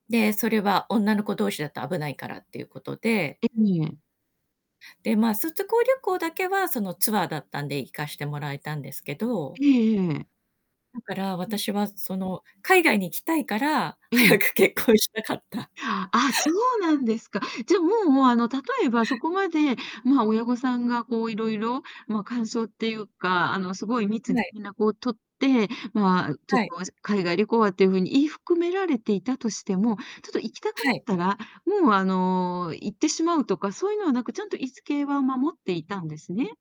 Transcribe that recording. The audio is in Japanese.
で、それは女の子同士だと危ないからっていうことでえ、みえ。で、ま、卒業旅行だけはそのツアーだったんで行かしてもらえたんですけどえええええだから、え、ん。私はその海外に行きたいから、うん。早く結婚したかった。ああ、そうなんですか。じゃあ、もうもう、あの、例えばそこまで、ま、親御さんがこういろいろま、感想っていうか、あの、すごいん、密にない。連絡を取って、まあ、うちょっはい。と、おあず海外旅行はっていう風に言い含められていたとしても、ちょっと行きたくはなっい。たら、もう、あの、行ってしまうとか、そういうのはなく、ちゃんと言い付けは守っていたんですね。